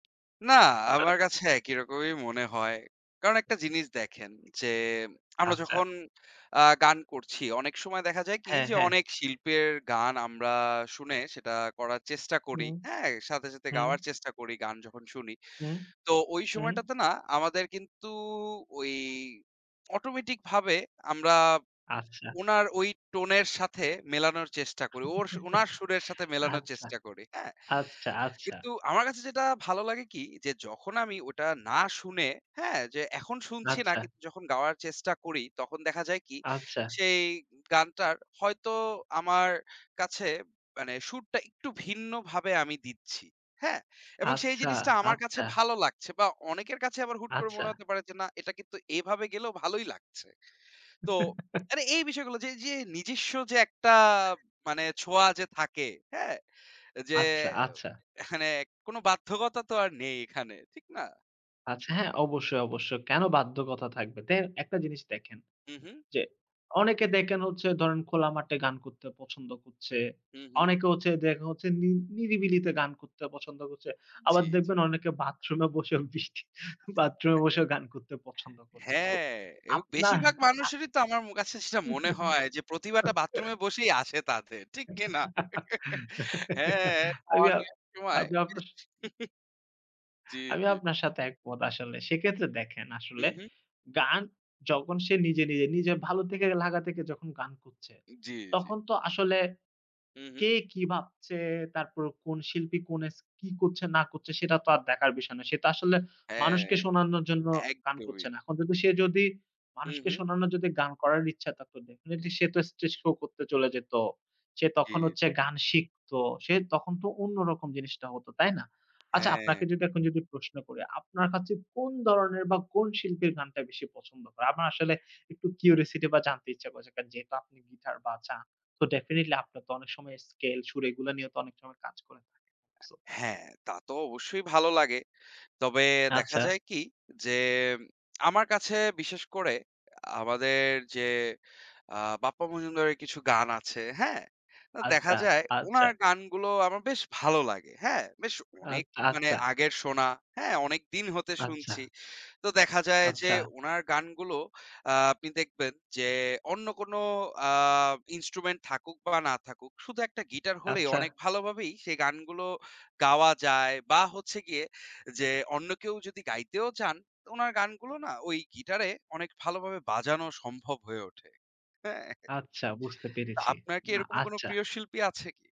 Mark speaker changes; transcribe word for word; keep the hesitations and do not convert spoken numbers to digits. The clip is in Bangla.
Speaker 1: না, আমার
Speaker 2: [unintelligible]
Speaker 1: কাছে একই রকমই মনে হয়। কারণ একটা জিনিস দেখেন, যে আমরা
Speaker 2: আচ্চা।
Speaker 1: যখন আ গান করছি অনেক সময় দেখা যায় কি,
Speaker 2: হ্যাঁ,
Speaker 1: যে
Speaker 2: হ্যাঁ।
Speaker 1: অনেক শিল্পের গান আমরা শুনে সেটা করার চেষ্টা করি,
Speaker 2: হুম,
Speaker 1: হ্যাঁ? সাথে, সাথে
Speaker 2: হুম।
Speaker 1: গাওয়ার চেষ্টা করি গান যখন শুনি।
Speaker 2: হুম,
Speaker 1: তো ওই
Speaker 2: হুম।
Speaker 1: সময়টাতে না আমাদের কিন্তু ওই automatic ভাবে আমরা
Speaker 2: আচ্ছা।
Speaker 1: ওনার ওই tone এর সাথে মেলানোর চেষ্টা করি, ওর স ওনার সুরের সাথে মেলানোর
Speaker 2: আচ্চা,
Speaker 1: চেষ্টা করি, হ্যাঁ?
Speaker 2: আচ্চা, আচ্ছা।
Speaker 1: কিন্তু আমার কাছে যেটা ভালো লাগে কি, যে যখন আমি ওটা না শুনে হ্যাঁ? যে এখন শুনছি না
Speaker 2: আচ্ছা।
Speaker 1: কিন্তু যখন গাওয়ার চেষ্টা করি তখন দেখা যায় কি,
Speaker 2: আচ্ছা।
Speaker 1: সেই গানটার হয়তো আমার কাছে মানে সুরটা একটু ভিন্নভাবে আমি দিচ্ছি, হ্যাঁ? এবং সেই
Speaker 2: আচ্ছা,
Speaker 1: জিনিসটা আমার কাছে
Speaker 2: আচ্চা।
Speaker 1: ভালো লাগছে বা অনেকের কাছে আবার হুট করে মনে
Speaker 2: আচ্ছা।
Speaker 1: হতে পারে যে, না এটা কিন্তু এভাবে গেলেও ভালোই লাগছে। তো মানে এই বিষয়গুলো যে এইযে নিজস্ব যে একটা মানে ছোঁয়া যে থাকে, হ্যাঁ? এ যে
Speaker 2: আচ্ছা,
Speaker 1: ও
Speaker 2: আচ্ছা।
Speaker 1: এখানে কোন বাধ্যকতা তো আর নেই এখানে, ঠিক না?
Speaker 2: আচ্ছা হ্যাঁ, অবশ্যই, অবশ্যই। কেন বাধ্যকথা থাকবে, তেই একটা জিনিস দেখেন
Speaker 1: হুম, হুম।
Speaker 2: যে অনেকে দেকেন হচ্ছে ধরেন খোলা মাটে গান করতে পছন্দ কোচ্ছে।
Speaker 1: হুম, হুম।
Speaker 2: অনেকে হচ্ছে দেখে হচ্ছে নি নিরিবিলিতে গান কোততে পছন্দ করছে।
Speaker 1: জি,
Speaker 2: আবার
Speaker 1: জি।
Speaker 2: দেখবেন অনেকে বাথরুমে বসে বৃষ্টি বাথরুমে বসেও গান কোততে পছন্দ করছে। So
Speaker 1: হ্যাঁ এবং
Speaker 2: আপনার
Speaker 1: বেশিরভাগ
Speaker 2: আপ
Speaker 1: মানুষেরই তো আমার মো কাছে সেটা মনে হয়, যে প্রতিভাটা বাথরুমে বসেই আসে তাদের। ঠিক কিনা? হ্যাঁ,
Speaker 2: আমি
Speaker 1: সাওয়ার
Speaker 2: আপ
Speaker 1: নিয়ার সময়
Speaker 2: আমি
Speaker 1: বেশ
Speaker 2: আপনার
Speaker 1: হু,
Speaker 2: স
Speaker 1: হু। জি,
Speaker 2: আমি
Speaker 1: জি।
Speaker 2: আপনার সাথে একমত আসলে। সেক্ষেত্রে দেখেন
Speaker 1: হুম,
Speaker 2: আসলে,
Speaker 1: হুম।
Speaker 2: গান যখন সে নিজে, নিজে নিজের ভালো থেকে লাগা থেকে যখন গান কোচ্ছে,
Speaker 1: এ জি, জি।
Speaker 2: তখন তো আসলে
Speaker 1: হুম, হুম।
Speaker 2: কে কী ভাবচে তারপর কোন শিল্পী কোন এস কী কোচ্ছে না কোচ্ছে সেটা তো আর দেখার বিষয় না। সে তো আসলে
Speaker 1: হ্যাঁ,
Speaker 2: মানুষকে শোনানোর জন্য গান
Speaker 1: একদমই।
Speaker 2: কোচ্ছে না। এখন যদি সে যদি
Speaker 1: হুম,
Speaker 2: মানুষকে
Speaker 1: হুম।
Speaker 2: শোনানোর যদি গান করার ইচ্ছা থাকতো definitely সে তো stage show কোততে চলে যেত। সে
Speaker 1: জি,
Speaker 2: তখন হচ্ছে
Speaker 1: জি।
Speaker 2: গান শিখত, সে তখন তো অন্য রকম জিনিসটা হত, তাই না? আচ্ছা,
Speaker 1: হ্যাঁ,
Speaker 2: আপনাকে
Speaker 1: হ্যাঁ।
Speaker 2: যদি এখন যদি প্রশ্ন করি, আপনার কাছে কোন দরনের বা কোন শিল্পীর গানটা বেশি পছন্দ করে? আমার আসলে একটু curiosity বা জানতে ইচ্ছা কোচ্ছে। কা যেহেতু আপনি guitar বাজান so definitely আপনার তো অনেক সময় scale সুর এগুলা নিয়ে তো অনেক সময় কাজ করে থাকে। So
Speaker 1: হ্যাঁ, তা তো অবশ্যই ভালো লাগে। তবে দেখা
Speaker 2: আচ্ছা।
Speaker 1: যায় কি, যে আমার কাছে বিশেষ করে আমাদের যে আ বাপ্পা মজুমদারের কিছু গান আছে, হ্যাঁ? আ দেখা
Speaker 2: আচ্চা,
Speaker 1: যায়
Speaker 2: আচ্ছা।
Speaker 1: ওনার গানগুলো আমার বেশ ভালো লাগে, হ্যাঁ? বেশ অনেক
Speaker 2: আচ্চা,
Speaker 1: মানে
Speaker 2: আচ্চা।
Speaker 1: আগের শোনা, হ্যাঁ? অনেকদিন হতে
Speaker 2: আচ্ছা।
Speaker 1: শুনছি। তো দেখা যায় যে
Speaker 2: আচ্ছা।
Speaker 1: ওনার গানগুলো আ আপনি দেখবেন যে অন্য কোনো আ instrument থাকুক বা না থাকুক, শুধু একটা গিটার হলেই
Speaker 2: আচ্ছা।
Speaker 1: অনেক ভালোভাবেই সেই গানগুলো গাওয়া যায় বা হচ্ছে গিয়ে যে অন্য কেউ যদি গাইতেও চান তো ওনার গানগুলো না ওই গিটারে অনেক ভালোভাবে বাজানো সম্ভব হয়ে ওঠে, হ্যাঁ?
Speaker 2: আচ্ছা বুঝতে
Speaker 1: তো
Speaker 2: পেরেছি।
Speaker 1: আপনার কি
Speaker 2: না,
Speaker 1: এরকম কোনো
Speaker 2: আচ্চা।
Speaker 1: প্রিয় শিল্পী আছে কী?